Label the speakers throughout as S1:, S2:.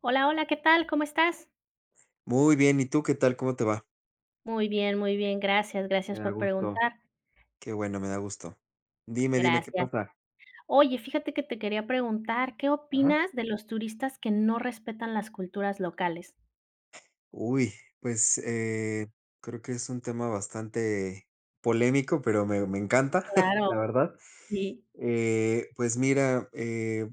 S1: Hola, hola, ¿qué tal?, ¿cómo estás?
S2: Muy bien, ¿y tú, qué tal?, ¿cómo te va?
S1: Muy bien, muy bien. Gracias, gracias
S2: Me da
S1: por
S2: gusto.
S1: preguntar.
S2: Que bueno, me da gusto. Dime, dime, ¿qué
S1: Gracias.
S2: pasa?
S1: Oye, fíjate que te quería preguntar, ¿qué
S2: Ajá.
S1: opinas de los turistas que no respetan las culturas locales?
S2: Uy, pues, eh, creo que es un tema bastante polémico, pero me me encanta
S1: Claro,
S2: la verdad,
S1: sí.
S2: eh, pues mira, eh,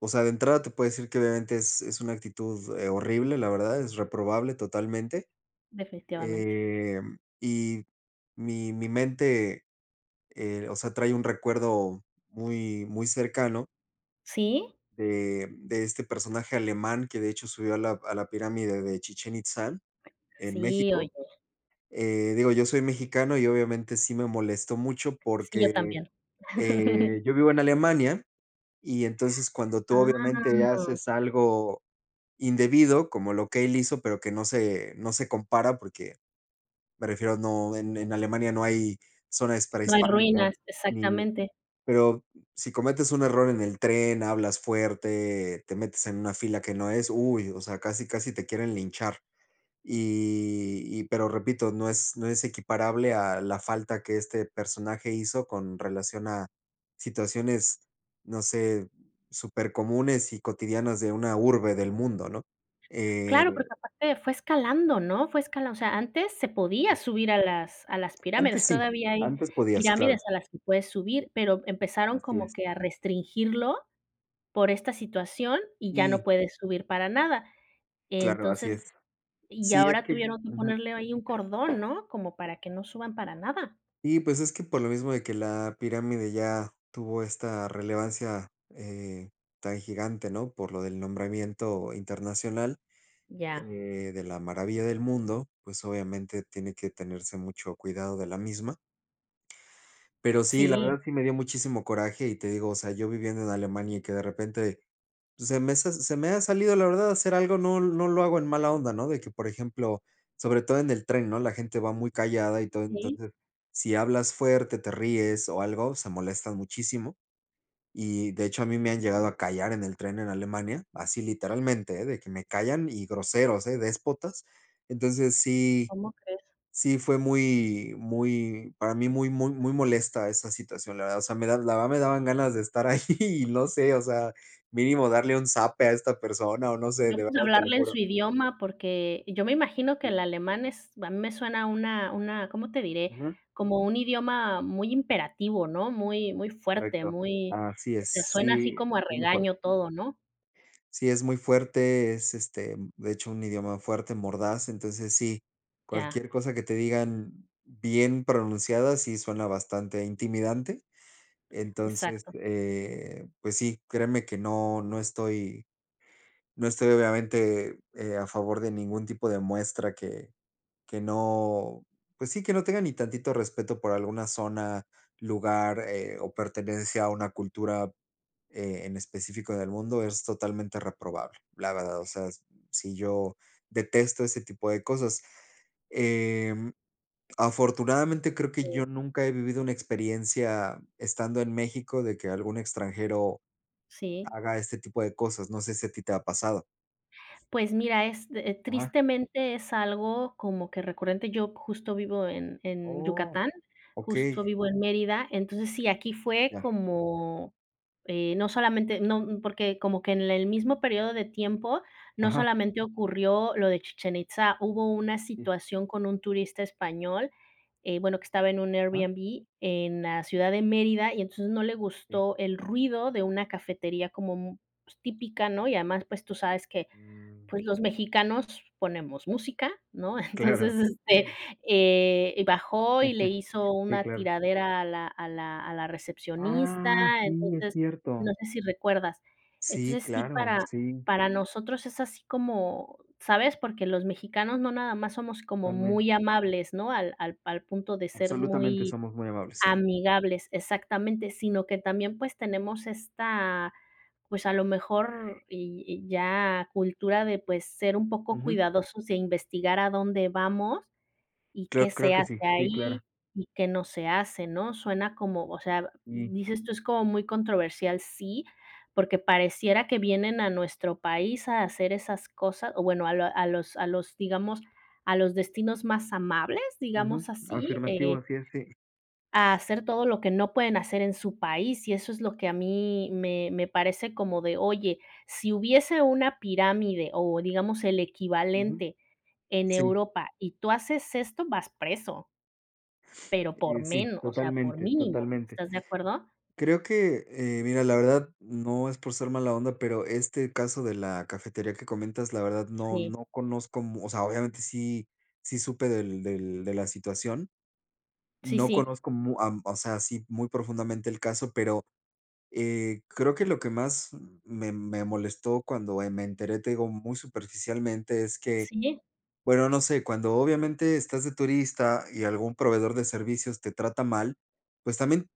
S2: o sea, de entrada te puedo decir que obviamente es es una actitud, eh, horrible. La verdad es reprobable totalmente,
S1: Definitivamente.
S2: eh, y mi mi mente, eh, o sea, trae un recuerdo muy, muy cercano
S1: Sí.
S2: de de este personaje alemán, que de hecho subió a la a la pirámide de Chichén Itzá en
S1: Sí, oye.
S2: México. Eh, digo, yo soy mexicano y obviamente sí me molestó mucho,
S1: Sí, yo
S2: porque,
S1: también.
S2: eh, yo vivo en Alemania y entonces cuando tú obviamente
S1: Ah.
S2: haces algo indebido como lo que él hizo, pero que no se no se compara, porque me refiero a no, en en Alemania no hay zonas
S1: No hay
S2: prehispánicas
S1: ruinas,
S2: ni
S1: exactamente.
S2: pero si cometes un error en el tren, hablas fuerte, te metes en una fila que no es, uy, o sea, casi casi te quieren linchar y y pero repito, no es no es equiparable a la falta que este personaje hizo con relación a situaciones, no sé, supercomunes y cotidianas de una urbe del mundo, ¿no?,
S1: Claro, porque
S2: eh
S1: aparte fue escalando, ¿no? Fue escalan o sea, antes se podía subir a las a las pirámides.
S2: Antes sí.
S1: Todavía hay
S2: Antes podías,
S1: pirámides
S2: claro.
S1: a las que puedes subir, pero empezaron
S2: Así
S1: como
S2: es.
S1: que a restringirlo por esta situación y ya no
S2: Y
S1: puedes subir para nada,
S2: Claro, así
S1: entonces
S2: es.
S1: y
S2: Sí, es
S1: ahora
S2: que
S1: tuvieron que
S2: Ujú.
S1: ponerle ahí un cordón, ¿no?, como para que no suban para nada.
S2: Y pues, es que por lo mismo de que la pirámide ya tuvo esta relevancia, eh, tan gigante, ¿no?, por lo del nombramiento internacional, eh,
S1: Ya.
S2: de la maravilla del mundo, pues, obviamente tiene que tenerse mucho cuidado de la misma. Pero sí, la
S1: Sí.
S2: verdad sí me dio muchísimo coraje y, te digo, o sea, yo viviendo en Alemania y que de repente, pues se me se se me ha salido, la verdad, hacer algo, no no lo hago en mala onda, ¿no?, de que, por ejemplo, sobre todo en el tren, ¿no? La gente va muy callada y todo,
S1: Sí.
S2: entonces, si hablas fuerte, te ríes o algo, o sea, molesta muchísimo. Y de hecho, a mí me han llegado a callar en el tren, en Alemania, así, literalmente, eh, de que me callan y groseros, eh, déspotas. Entonces sí
S1: ¿Cómo crees?
S2: sí, fue muy muy, para mí, muy muy muy molesta esa situación, la verdad, o sea, me da la verdad me daban ganas de estar ahí y no sé, o sea, mínimo darle un zape a esta persona o no sé,
S1: No,
S2: de
S1: pues
S2: verdad, te lo
S1: hablarle en su
S2: juro.
S1: idioma porque yo me imagino que
S2: Sí.
S1: el alemán es a mí me suena una una, ¿cómo te diré?
S2: Ujú.
S1: Como un idioma muy imperativo, ¿no? Muy muy fuerte,
S2: Correcto.
S1: muy
S2: Así
S1: o
S2: es.
S1: sea, suena así
S2: Sí,
S1: como a
S2: es muy fuerte.
S1: regaño todo, ¿no?
S2: Sí, es muy fuerte. Es, este, de hecho, un idioma fuerte, mordaz. Entonces, sí,
S1: Ya.
S2: cualquier cosa que te digan bien pronunciada, sí, suena bastante intimidante. Entonces,
S1: Exacto.
S2: eh, pues sí, créeme que no no estoy no estoy, obviamente, eh, a favor de ningún tipo de muestra que que no pues sí, que no tenga ni tantito respeto por alguna zona, lugar, eh, o pertenencia a una cultura, eh, en específico del mundo, es totalmente reprobable. La verdad, o sea, si yo detesto ese tipo de cosas, em, afortunadamente, creo que yo
S1: Sí.
S2: nunca he vivido una experiencia, estando en México, de que algún extranjero
S1: Sí.
S2: haga este tipo de cosas, no sé si a ti te ha pasado.
S1: Pues mira, es, eh,
S2: Ajá.
S1: tristemente es algo como que recurrente. Yo justo vivo en en
S2: Oh,
S1: Yucatán, justo
S2: okey.
S1: vivo en Mérida. Entonces, sí, aquí fue
S2: Ya.
S1: como, eh, no solamente no n porque como que en el mismo período de tiempo no
S2: Ajá.
S1: solamente ocurrió lo de Chichén Itzá, hubo una
S2: Sí.
S1: situación con un turista español, eh, bueno, que estaba en un
S2: Ah.
S1: Airbnb, en la ciudad de Mérida y entonces, no le
S2: Sí
S1: gustó el ruido de una cafetería como, mm, pues, típica, ¿no? Y además, pues tú sabes que
S2: Mm.
S1: pues, los mexicanos ponemos música, ¿no? Entonces,
S2: Claro.
S1: este, eh, bajó y le hizo
S2: Sí,
S1: una
S2: claro.
S1: tiradera a la a la a la recepcionista,
S2: Ah, sí, es
S1: entonces, no
S2: cierto.
S1: sé si recuerdas.
S2: Sí,
S1: Entonces sí,
S2: claro,
S1: para
S2: sí.
S1: para nosotros es así como, ¿sabes? Porque los mexicanos no nada más somos como
S2: Totalmen
S1: muy amables, ¿no?, al al al punto de ser
S2: Absolutamente.
S1: muy
S2: Somos muy amables, sí.
S1: amigables Exactamente, sino que también pues tenemos esta, pues, a lo mejor y y ya cultura de, pues, ser un poco
S2: Ujú.
S1: cuidadosos de investigar a dónde vamos y qué
S2: Creo creo
S1: se
S2: que
S1: hace
S2: sí. Sí,
S1: ahí
S2: claro.
S1: y qué no se hace, ¿no? Suena como, o sea,
S2: Sí.
S1: dices tú, es como muy controversial. Sí, porque pareciera que vienen a nuestro país a hacer esas cosas, o bueno, a lo a los a los, digamos a los destinos más amables,
S2: Ujú.
S1: digamos así,
S2: Afirmativo,
S1: eh
S2: así es, sí.
S1: a hacer todo lo que no pueden hacer en su país. Y eso es lo que a mí me me parece como de: "Oye, si hubiese una pirámide o, digamos, el
S2: Ujú.
S1: equivalente en
S2: Sí.
S1: Europa, y tú haces esto, vas preso". Pero por
S2: Eh, sí,
S1: menos, o sea, por
S2: totalmente,
S1: mínimo,
S2: totalmente.
S1: ¿estás de acuerdo?
S2: Creo que, eh, mira, la verdad, no es por ser mala onda, pero este caso de la cafetería que comentas, la verdad no
S1: Sí.
S2: no conozco mu o sea, obviamente sí sí, supe del del de la situación.
S1: Sí,
S2: No
S1: sí.
S2: conozco mu a o sea, así, muy profundamente el caso, pero, eh, creo que lo que más me me molestó cuando, eh, me enteré, te digo muy superficialmente es que
S1: Sí.
S2: bueno, no sé, cuándo obviamente estás de turista y algún proveedor de servicios te trata mal, pues, también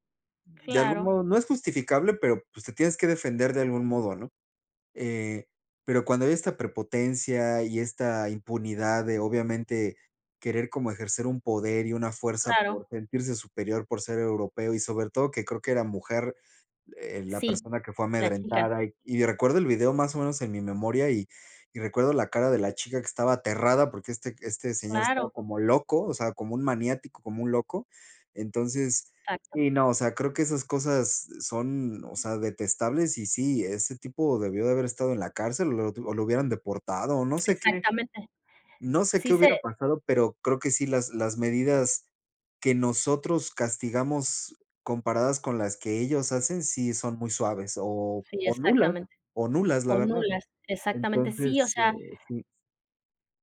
S2: de algún
S1: Claro.
S2: modo no es justificable, pero, pues, te tienes que defender de algún modo, ¿no?, eh, pero cuando hay esta prepotencia y esta impunidad de obviamente querer como ejercer un poder y una fuerza
S1: Claro.
S2: por sentirse superior por ser europeo y sobre todo, que creo que era mujer, eh, la
S1: Sí,
S2: persona que fue
S1: la chica.
S2: amedrentada y recuerdo el video más o menos en mi memoria y y recuerdo la cara de la chica que estaba aterrada porque este este señor
S1: Claro.
S2: estaba como loco, o sea, como un maniático, como un loco, entonces
S1: Exacto.
S2: sí, no, o sea, creo que esas cosas son, o sea, detestables, y sí, ese tipo debió de haber estado en la cárcel o lo o lo hubieran deportado o no sé qué
S1: Exactamente.
S2: no sé qué
S1: Sí
S2: hubiera
S1: se
S2: pasado, pero creo que sí, las las medidas que nosotros castigamos comparadas con las que ellos hacen, sí, son muy suaves o
S1: Sí,
S2: o nulas
S1: exactamente.
S2: o nulas, la
S1: O
S2: verdad,
S1: nulas, exactamente, sí, o
S2: entonces, eh,
S1: sea
S2: sí.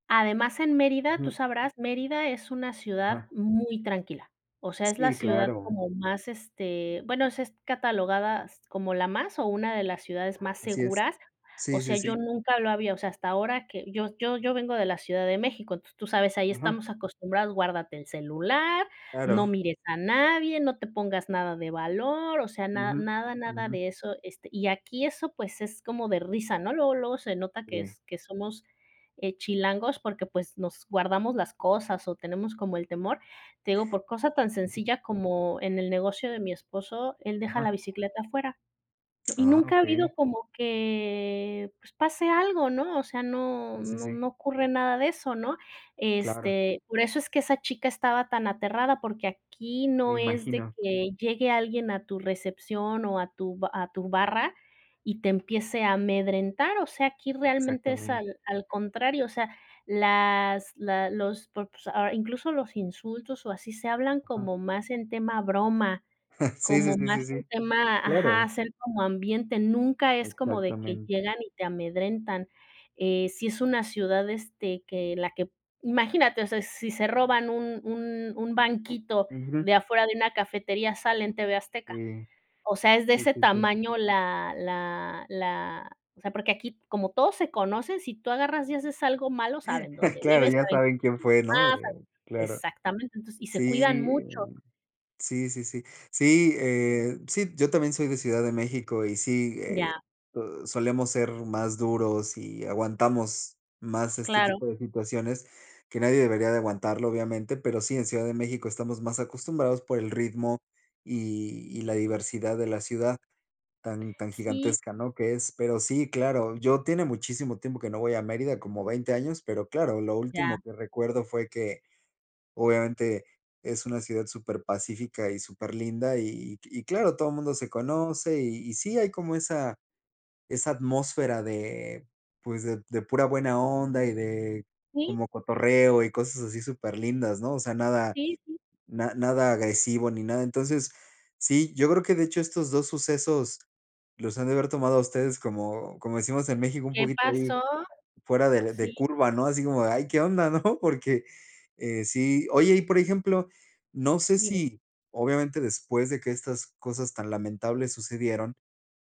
S1: Además en Mérida, tú
S2: Ujú.
S1: sabrás, Mérida es una ciudad
S2: Ajá.
S1: muy tranquila, o sea, es la
S2: Sí,
S1: ciudad
S2: claro.
S1: como más, este bueno, s es catalogada s como la más o una de las ciudades más
S2: Así es.
S1: seguras, o
S2: Sí,
S1: sea,
S2: sí,
S1: yo
S2: sí.
S1: nunca lo había o sea, hasta ahora que yo yo yo vengo de la ciudad de México, t tú sabes, ahí
S2: Ujú.
S1: estamos acostumbrados, "Guárdate el celular, no
S2: Claro.
S1: mires a nadie, no te pongas nada de valor", o sea, nada,
S2: Ujú,
S1: nada, nada
S2: ujú.
S1: de eso, este, y aquí eso pues es como de risa, ¿no?, luego, luego se nota que
S2: Sí.
S1: es que somos, eh, chilangos porque, pues, nos guardamos las cosas o tenemos como el temor, te digo por cosa tan
S2: Ujú.
S1: sencilla como en el negocio de mi esposo, él deja la
S2: Ajá.
S1: bicicleta afuera, y
S2: Ah,
S1: nunca ha habido
S2: okey.
S1: como que, pues pase algo, ¿no?, o sea, no,
S2: Sí, sí,
S1: no,
S2: sí.
S1: no ocurre nada de eso, ¿no?,
S2: Claro.
S1: este, por eso es que esa chica estaba tan aterrada porque aquí
S2: Me
S1: no es de
S2: imagino.
S1: que llegue alguien a tu recepción o a tu ba a tu barra y te empiece a amedrentar, o sea, aquí realmente es
S2: Exactamente.
S1: al al contrario, o sea, las la los por s ah incluso los insultos o así se hablan
S2: Ajá.
S1: como más en tema broma,
S2: Sí, sí,
S1: como
S2: sí,
S1: más
S2: sí,
S1: en
S2: sí,
S1: tema ajá,
S2: claro.
S1: hacer como ambiente, nunca es como de que
S2: Exactamente.
S1: llegan y te amedrentan, eh, si es una ciudad, este, que la que imagínate, o sea, si se roban un un un banquito
S2: Ujú.
S1: de afuera de una cafetería sale en TV Azteca,
S2: Sí.
S1: o sea, es de
S2: Sí,
S1: ese
S2: sí, sí.
S1: tamaño la la la o sea, porque aquí, como todos se conocen, si tú agarras y haces algo malo, saben dónde
S2: Claro,
S1: vives,
S2: ya
S1: saben
S2: saben quién fue, ¿no?, eh,
S1: [unintelligible]
S2: claro.
S1: exactamente, entonces, y se cuidan
S2: Sí, eh,
S1: mucho.
S2: sí, sí, sí. Sí, eh, sí, yo también soy de Ciudad de México y sí,
S1: Ya.
S2: eh, uh, solemos ser más duros y aguantamos más este
S1: Claro.
S2: tipo de situaciones, que nadie debería de aguantarlo, obviamente, pero sí, en Ciudad de México estamos más acostumbrados por el ritmo y y la diversidad de la ciudad tan tan
S1: Sí.
S2: gigantesca, ¿no?, que es. Pero sí, claro, yo tiene muchísimo tiempo que no voy a Mérida como 20 años, pero claro, lo último
S1: Ya.
S2: que recuerdo fue que, obviamente es una ciudad súper pacífica y súper linda y y claro, todo el mundo se conoce y y sí, hay como esa esa atmósfera de pues de de pura buena onda y de
S1: Sí.
S2: como cotorreo y cosas así súper lindas, ¿no?, o sea, nada
S1: Sí, sí.
S2: na nada agresivo ni nada, entonces, sí, yo creo que de hecho estos dos sucesos los han de haber tomado a ustedes como como decimos en México, un
S1: ¿Qué
S2: poquito ahí
S1: pasó?,
S2: fuera de de
S1: sí.
S2: curva, ¿no?, así como: "Ay, qué onda", ¿no?, porque, eh, sí Oye, y, por ejemplo, no sé
S1: Dime.
S2: si, obviamente, después de que estas cosas tan lamentables sucedieron,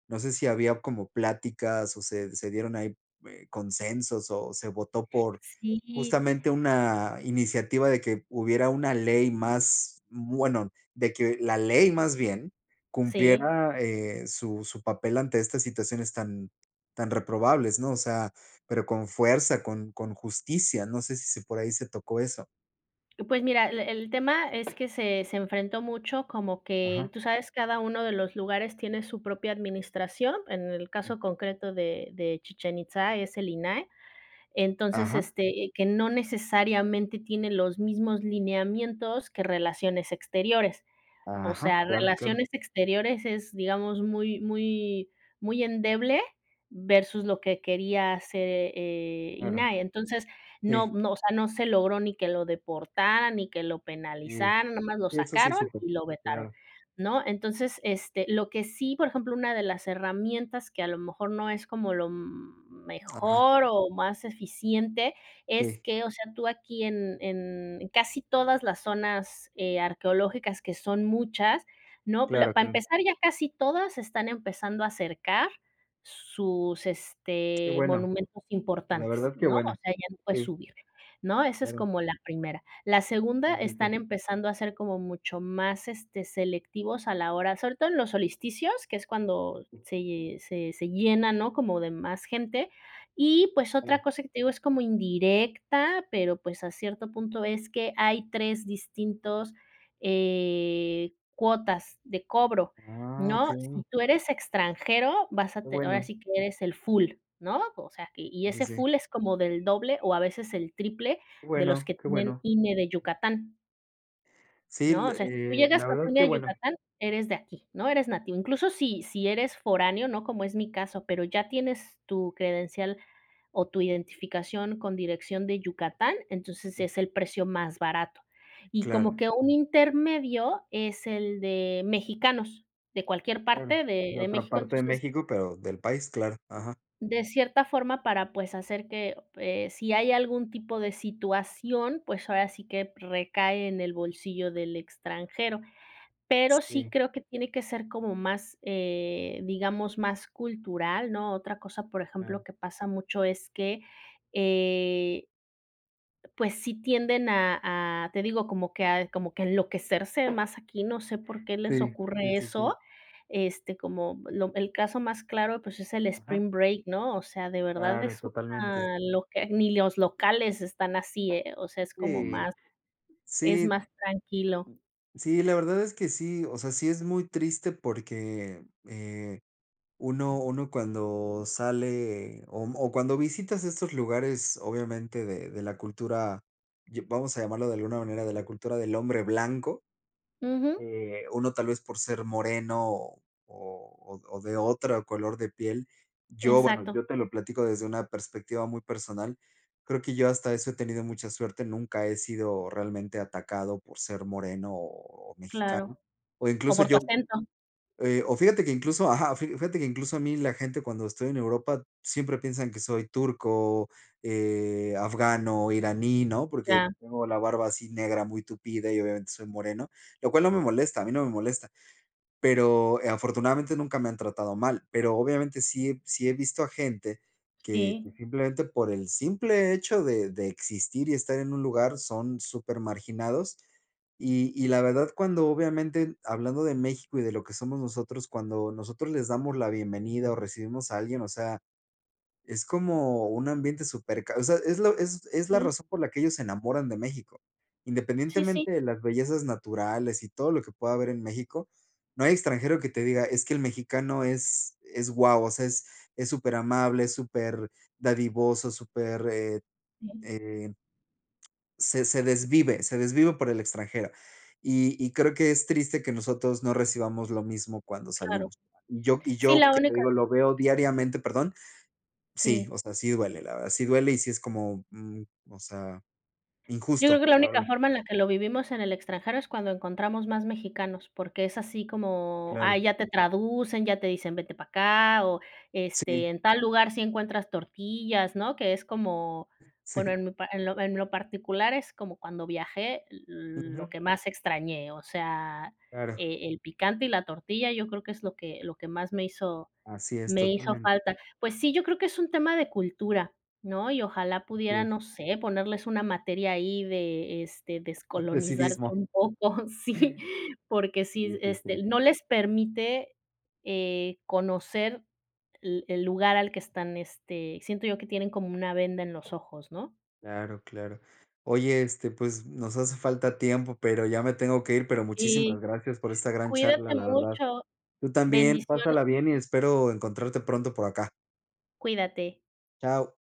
S2: no sé si había como pláticas o se se dieron ahí, eh, consensos o se votó por
S1: Sí.
S2: justamente una iniciativa de que hubiera una ley más bueno, de que la ley más bien,
S1: Sí.
S2: cumpliera, eh, su su papel ante estas situaciones tan tan reprobables, ¿no?, o sea, pero con fuerza, con con justicia, no sé si si por ahí se tocó eso.
S1: Pues, mira, l el tema es que se se enfrentó mucho, como que
S2: Ajá.
S1: tú sabes, cada uno de los lugares tiene su propia administración, en el
S2: Sí.
S1: caso concreto de de Chichén Itzá, es el INAH. Entonces,
S2: Ajá.
S1: este, eh, que no necesariamente tiene los mismos lineamientos que Relaciones Exteriores, o
S2: Ajá.
S1: sea,
S2: Claro, claro.
S1: Relaciones Exteriores, es, digamos, muy muy muy endeble versus lo que quería hacer eh, eh,
S2: Claro.
S1: INAH, entonces, no
S2: Sí.
S1: no, o sea, no se logró ni que lo deportaran, ni que lo
S2: Sí.
S1: penalizaran, nada más lo
S2: Sí, eso sí
S1: sacaron
S2: supe.
S1: y lo vetaron,
S2: Claro.
S1: ¿no? Entonces, este, lo que sí, por ejemplo, una de las herramientas que a lo mejor no es como lo, mm,
S2: Ajá.
S1: mejor o más eficiente, es
S2: Sí.
S1: que, o sea, tú aquí en en en casi todas las zonas, eh, arqueológicas, que son muchas, ¿no?, la
S2: Claro,
S1: para
S2: claro.
S1: empezar ya casi todas se están empezando a cercar sus,
S2: Qué
S1: este,
S2: bueno.
S1: monumentos
S2: La
S1: importantes,
S2: verdad, qué
S1: ¿no?, o
S2: bueno.
S1: sea, ya no puedes
S2: Sí.
S1: subir, ¿no?, esa es
S2: Claro.
S1: como la primera. La segunda,
S2: Sí, sí,
S1: están
S2: sí.
S1: empezando a ser como mucho más, este, selectivos a la hora sobre todo en los solsticios, que es cuando
S2: Sí.
S1: se ll se se llena, ¿no?, como de más gente y pues otra
S2: Claro.
S1: cosa que te digo es como indirecta, pero, pues, a cierto punto es que hay 3 distintos, eh, cuotas de cobro,
S2: Ah,
S1: ¿no?
S2: okey.
S1: Si tú eres extranjero, vas a
S2: Qué
S1: te ahora
S2: bueno.
S1: sí que eres el full, ¿no?, o sea, y y
S2: Sí, sí,
S1: ese
S2: sí.
S1: full es como del doble o a veces el triple
S2: Qué
S1: de los
S2: bueno,
S1: que
S2: qué
S1: tienen
S2: bueno.
S1: INE de Yucatán.
S2: Sí,
S1: No, o sea, si tú
S2: le eh,
S1: llegas
S2: la
S1: con tu
S2: verdad
S1: INE
S2: que
S1: a
S2: bueno.
S1: Yucatán, eres de aquí, ¿no? eres nativo, incluso si si eres foráneo, ¿no?, como es mi caso, pero ya tienes tu credencial o tu identificación con dirección de Yucatán, entonces
S2: Sí.
S1: es el precio más barato.
S2: Sí,
S1: Y como
S2: claro.
S1: que un intermedio es el de mexicanos de cualquier
S2: Claro,
S1: parte de
S2: de
S1: de
S2: otra
S1: México,
S2: parte de
S1: entonces
S2: México, pero del país, claro, ajá.
S1: de cierta forma para, pues, hacer que eh, si hay algún tipo de situación, pues, ahora sí que recae en el bolsillo del extranjero. Pero sí
S2: Sí.
S1: creo que tiene que ser como más, eh, digamos más cultural, ¿no? Otra cosa, por ejemplo,
S2: Sí.
S1: que pasa mucho es que, eh pues, sí, tienden a a te digo como que a como que enloquecerse más aquí, no sé por qué les
S2: Sí. Sí,
S1: ocurre
S2: sí, sí.
S1: eso, este, como lo el caso más claro, pues, es el
S2: Ajá.
S1: spring break, ¿no? O sea, de verdad
S2: Claro,
S1: es
S2: totalmente.
S1: una loca, ni los locales están así, eh, o sea, es como
S2: Sí.
S1: más es
S2: Sí.
S1: más tranquilo.
S2: Sí, la verdad es que sí, o sea, sí, es muy triste porque, eh, uno uno cuando sale o m o cuando visitas estos lugares, obviamente de de la cultura, ya vamos a llamarlo de alguna manera de la cultura del hombre blanco,
S1: Ujú.
S2: eh, uno tal vez por ser moreno o o o de otro color de piel. Yo bueno,
S1: Exacto.
S2: yo te lo platico desde una perspectiva muy personal. Creo que yo hasta eso he tenido mucha suerte, nunca he sido realmente atacado por ser moreno o
S1: Claro.
S2: mexicano o
S1: O
S2: incluso
S1: por tu
S2: yo,
S1: acento.
S2: eh o fíjate que incluso ajá. Fi fíjate que incluso a mí la gente cuando estoy en Europa siempre piensan que soy turco, eh, afgano, iraní, ¿no? Porque
S1: Ya.
S2: tengo la barba así negra, muy tupida y obviamente soy moreno, lo cual no me molesta, a mí no me molesta, pero, eh, afortunadamente nunca me han tratado mal, pero obviamente sí he sí he visto a gente que que
S1: Sí.
S2: simplemente por el simple hecho de de existir y estar en un lugar son súper marginados, y y la verdad, cuando obviamente hablando de México y de lo que somos nosotros cuando nosotros les damos la bienvenida o recibimos a alguien, o sea, es como un ambiente súper ca o sea, es lo es es la
S1: Sí.
S2: razón por la que ellos se enamoran de México,
S1: Sí, sí.
S2: independientemente de las bellezas naturales y todo lo que pueda haber en México, no hay extranjero que te diga: "Es que el mexicano es es wao, o sea, es es súper amable, es super dadivoso, súper, eh
S1: Sí.
S2: eh" "se se desvive se desvive por el extranjero". Y y creo que es triste que nosotros no recibamos lo mismo cuando
S1: Claro.
S2: salimos y yo y
S1: Sí,
S2: yo
S1: la
S2: que te
S1: única
S2: digo, lo veo diariamente ¿Perdón? Sí,
S1: Sí.
S2: o sea, sí duele, la verdad, sí duele, y sí, es como, mm, o sea,
S1: Yo creo
S2: injusto,
S1: que la
S2: la
S1: única
S2: verdad.
S1: forma en la que lo vivimos en el extranjero es cuando encontramos más mexicanos porque, es así como ah,
S2: Claro.
S1: ya te traducen, ya te dicen vete para acá o, este,
S2: Sí.
S1: en tal lugar sí encuentras tortillas, ¿no? Que es como bueno
S2: Sí.
S1: en mi pa en lo en lo particular es como cuando viajé, l lo
S2: Ujú.
S1: que más extrañé, o sea,
S2: Claro.
S1: e el picante y la tortilla, yo creo que es lo que lo que más me hizo
S2: Así es,
S1: me hizo
S2: totalmente.
S1: falta. Pues sí, yo creo que es un tema de cultura, ¿no? Y ojalá
S2: Así
S1: pudieran,
S2: es.
S1: no sé, ponerles una materia ahí de, este,
S2: De
S1: descolonizarse
S2: civismo.
S1: un poco, sí, porque
S2: Sí,
S1: sí,
S2: sí, sí.
S1: este, no les permite, eh, conocer l el lugar al que están, este siento yo que tienen como una venda en los ojos, ¿no?
S2: Claro, claro. Oye, este, pues, nos hace falta tiempo, pero ya me tengo que ir, pero
S1: Sí,
S2: muchísimas gracias por esta gran charla,
S1: cuídate
S2: la verdad.
S1: mucho.
S2: Tú también,
S1: Bendiciones.
S2: pásala bien y espero encontrarte pronto por acá.
S1: Cuídate.
S2: Chao.